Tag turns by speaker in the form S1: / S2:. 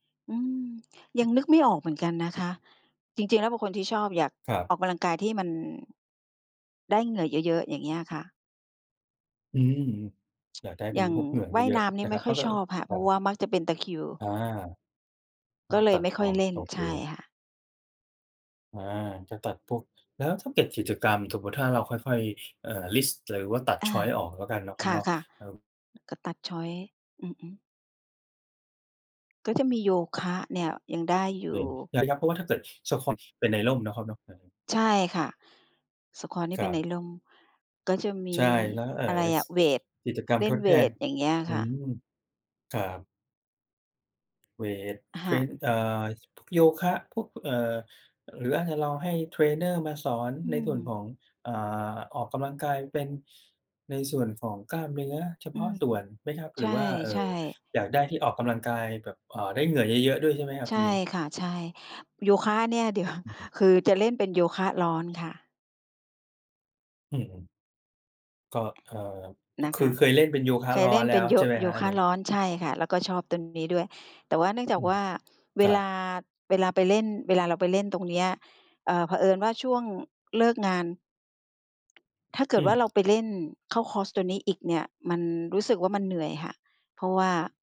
S1: อืม ยังนึกไม่ออกเหมือนกันนะคะ จริง ๆ แล้วเป็นคนที่ชอบ อยาก
S2: ครั
S1: อ
S2: บ
S1: อกกำลังกายที่มัน ได้เหงื่อเยอะ ๆ อย่างเงี้ยค่ะ
S2: อืม อยากได้เ
S1: อ
S2: ป
S1: ย
S2: ็
S1: ่
S2: น
S1: าง
S2: พวกเหงื่อ
S1: ว
S2: เ
S1: ่าย
S2: ยอ
S1: น
S2: ะ
S1: ้ำน
S2: ๆ
S1: ี
S2: น
S1: ่
S2: ะ
S1: ไ
S2: ค
S1: ม
S2: ร
S1: ่
S2: ับ
S1: ค
S2: เ
S1: ่
S2: ข
S1: อ
S2: า
S1: ย
S2: ก็
S1: ช
S2: เอ
S1: อ
S2: อ
S1: บค่ะ เ
S2: ค
S1: พ
S2: ร
S1: ร
S2: ั
S1: าะว
S2: บ
S1: ่ามักจะเป็นตะคริว
S2: อา ต
S1: ก
S2: ้
S1: ็
S2: อง
S1: เล
S2: ต
S1: ย
S2: ั
S1: ไ
S2: ด
S1: ม่ค
S2: อ
S1: ่อย
S2: อก
S1: เล่น
S2: โอเ
S1: ใช่
S2: ค
S1: ค่ะ
S2: อา จะตัดพวก แล้วถ้าเก็บกิจกรรม สมมุติถ้าเราค่อย ๆ เอ่อ ลิสต์หรือว่าตัด
S1: อ
S2: ช
S1: า
S2: อยซ์ ออก แล้วกันเนาะคร
S1: ค
S2: ับเนาะ
S1: ่ะ
S2: ครับ
S1: ๆ ก็ตัด ชอยซ์ อือ ๆ ก็จะมีโยคะเนี่ย ยังได้อย
S2: เด
S1: ู
S2: ิ
S1: ่
S2: น ย อย่าง เพราะว่าถ้าเกิด Squash เป็นในร่มเนาะครับเนาะ เออ
S1: ใช่ค่ะ Squash นี่
S2: ค
S1: เป
S2: ร
S1: ็
S2: ั
S1: นใน
S2: บ
S1: ร่ม ก็จะม
S2: ใ
S1: ี
S2: ช่ แล้ว เอ่อ
S1: อะไรอ
S2: ส
S1: ะ เวต
S2: กิจกรรม
S1: เล
S2: ท
S1: ่น
S2: ดแ
S1: เว
S2: ทน
S1: ต อย่างเงี้ย
S2: อื
S1: ค่ะ
S2: ม ครับ เวต
S1: อะ
S2: เท
S1: ฮ
S2: ร
S1: ะ
S2: น อ่า พ พวกโยคะ พวก เอ่อ หรืออาจจะลองให้เทรนเนอร์มาสอน
S1: อื
S2: ในส่วน
S1: ม
S2: ของ อ่า ออกกำลังกายเป็น ในส่วนของกล้ามเนื้อเฉ
S1: อื
S2: พาะ
S1: ม
S2: ส่วนไหมครับ? ห
S1: ใช
S2: รือว่า เอ่
S1: ่
S2: อ
S1: ๆ
S2: อยากได้ที่ออกกำลังกายแบบ เอ่อ ได้เหงื่อเยอะ ๆ ด้วยใช่ไหมครับ
S1: ใช
S2: ตร
S1: ่
S2: งนี้?
S1: ค่ะ ใช่ โยคะเนี่ย เดี๋ยว
S2: อือฮึ
S1: คือจะเล่นเป็นโยคะร้อนค่ะ
S2: อือ ๆ ก็
S1: อ
S2: เอ่อ อ
S1: นะ
S2: ค
S1: ค
S2: ือ
S1: ะ
S2: เคยเล่นเป็นโยคะ
S1: เค
S2: ร
S1: ย
S2: ้อ
S1: เล
S2: น
S1: ่น
S2: แล
S1: เ
S2: ้
S1: ป็น
S2: ว
S1: โย
S2: ใช่ไหม
S1: โย
S2: ครับอ
S1: ค
S2: ัน
S1: ะ
S2: นี้?
S1: ร้อน ใช่ค่ะ แล้วก็ชอบตรงนี้ด้วย แต่ว่าเนื่องจ
S2: อ
S1: าก
S2: ื
S1: ว
S2: ม
S1: ่า เ
S2: ค
S1: ว
S2: รั
S1: ล
S2: บ
S1: า เวลาไปเล่น เวลาเราไปเล่นตรงเนี้ย เอ่อ เผอิญว่าช่วงเลิกงาน ถ้าเกิ
S2: อื
S1: ดว่า เรา
S2: ม
S1: ไปเล่นเข้าคอร์สตัวนี้อีกเนี่ย มันรู้สึกว่ามันเหนื่อยค่ะ เพราะว่า